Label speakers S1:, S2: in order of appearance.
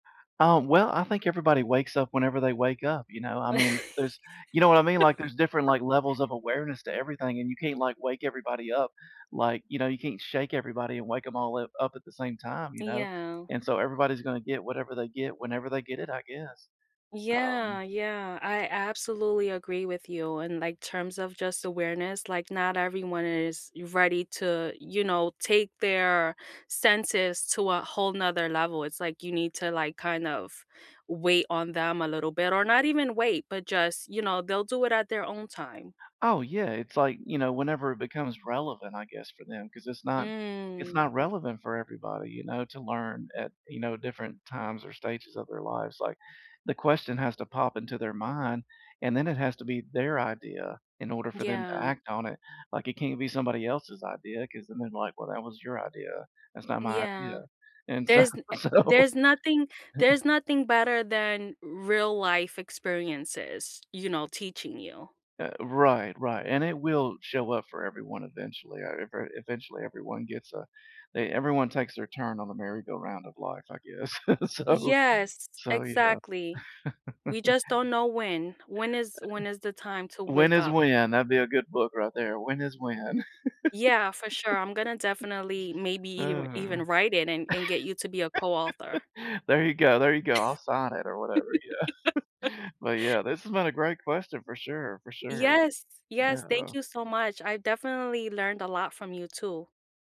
S1: Uh, well, I think everybody wakes up whenever they wake up, you know? I mean, there's you know what I mean, like, there's different, like, levels of awareness to everything, and you can't, like, wake everybody up. Like, you know, you can't shake everybody and wake 'em all up up at the same time, you know?
S2: Yeah.
S1: And so everybody's gonna get whatever they get whenever they get it, I guess. Um
S2: Yeah, yeah, I absolutely agree with you in, like, terms of just awareness, like, not everyone is ready to, you know, take their senses to a whole 'nother level, it's like, you need to, like, kind of, wait on them a little bit or not even wait, but just, you know, they'll do it at their own time.
S1: Oh, yeah, it's like, you know, whenever it becomes relevant, I guess, for them 'cause it's not it's
S2: Mm.
S1: not relevant for everybody, you know, to learn at, you know, different times or stages of their lives, like, the question has to pop into their mind, and then it has to be their idea in order for them to
S2: Yeah.
S1: act on it. Like, it can't be somebody else's idea 'cause then they're like, "Well, that was your idea, that's not my
S2: Yeah.
S1: idea," and s
S2: There's e eh
S1: so
S2: there's nothing there's nothing better than real life experiences, you know, teaching you.
S1: Uh, right, right, and it will show up for everyone eventually, ever eventually, everyone gets, uh, they everyone takes their turn on the merry-go-round of life, I guess, so,
S2: Yes,
S1: so, yeah.
S2: exactly. We just don't know when, when is, when is the time to
S1: When
S2: wake
S1: is
S2: up?
S1: When, that'd be a good book right there, When is When.
S2: Yeah, for sure, I'm gonna definitely maybe eve
S1: Oh
S2: even write it and and get you to be a co-author.
S1: There you go, there you go, I'll sign it or whatever, yeah. But, yeah, this has been a great question for sure, for sure.
S2: Yes! Yes, thank
S1: Yeah.
S2: you so much, I definitely learned a lot from you, too.